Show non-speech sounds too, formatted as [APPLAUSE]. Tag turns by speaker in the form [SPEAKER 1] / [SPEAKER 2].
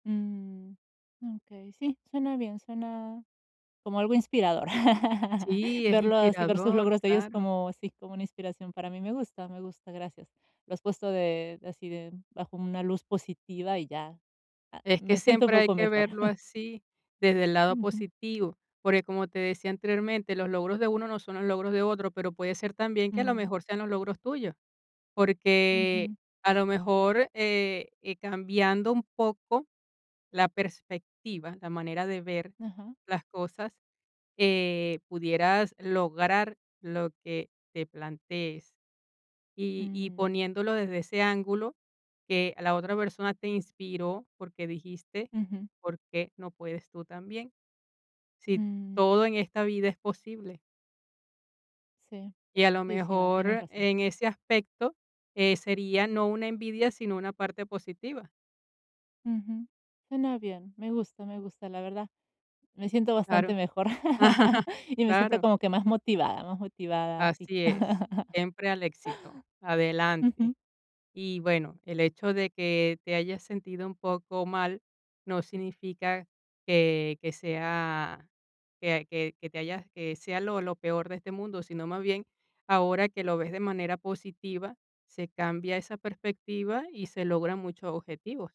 [SPEAKER 1] Mm. Okey, sí, suena bien, suena como algo inspirador. [CHUCKLES]
[SPEAKER 2] Sí, es
[SPEAKER 1] Verlo así, ver sus
[SPEAKER 2] inspirador,
[SPEAKER 1] logros de ellos
[SPEAKER 2] claro.
[SPEAKER 1] como sí, como una inspiración para mí, me gusta me gusta, gracias. Lo has puesto de así de bajo una luz positiva y ya, a
[SPEAKER 2] Es que
[SPEAKER 1] me siento un
[SPEAKER 2] siempre hay
[SPEAKER 1] poco
[SPEAKER 2] que
[SPEAKER 1] mejor.
[SPEAKER 2] verlo
[SPEAKER 1] [CHUCKLES]
[SPEAKER 2] así desde el lado
[SPEAKER 1] Ujú.
[SPEAKER 2] positivo, porque como te decía anteriormente, los logros de uno no son los logros de otro, pero puede ser también que a lo
[SPEAKER 1] Mm.
[SPEAKER 2] mejor sean los logros tuyos, porque
[SPEAKER 1] Ujú.
[SPEAKER 2] a lo mejor, eh, cambiando un poco la perspectiva, la manera de ver
[SPEAKER 1] Ujú.
[SPEAKER 2] las cosas, eh, pudieras lograr lo que te plantees y y
[SPEAKER 1] Mm.
[SPEAKER 2] poniéndolo desde ese ángulo que la otra persona te inspiró, porque dijiste,
[SPEAKER 1] Ujú.
[SPEAKER 2] ¿por qué no puedes tú también? Si todo
[SPEAKER 1] Mm.
[SPEAKER 2] en esta vida es posible.
[SPEAKER 1] Sí,
[SPEAKER 2] Y a lo
[SPEAKER 1] sí, sí, no, tienes
[SPEAKER 2] mejor
[SPEAKER 1] razón.
[SPEAKER 2] en ese aspecto, eh, sería no una envidia, sino una parte positiva.
[SPEAKER 1] Ujú. Suena bien, me gusta me gusta, la verdad. Me siento
[SPEAKER 2] Claro,
[SPEAKER 1] bastante mejor [CHUCKLES]
[SPEAKER 2] [CHUCKLES]
[SPEAKER 1] y me siento
[SPEAKER 2] claro.
[SPEAKER 1] como que más motivada más motivada, sí.
[SPEAKER 2] Así es,
[SPEAKER 1] [CHUCKLES]
[SPEAKER 2] siempre al éxito,
[SPEAKER 1] Ujú.
[SPEAKER 2] adelante. Y, bueno, el hecho de que te hayas sentido un poco mal no significa que que sea que que que te hayas que sea lo lo peor de este mundo, sino más bien ahora que lo ves de manera positiva, se cambia esa perspectiva y se logran muchos objetivos.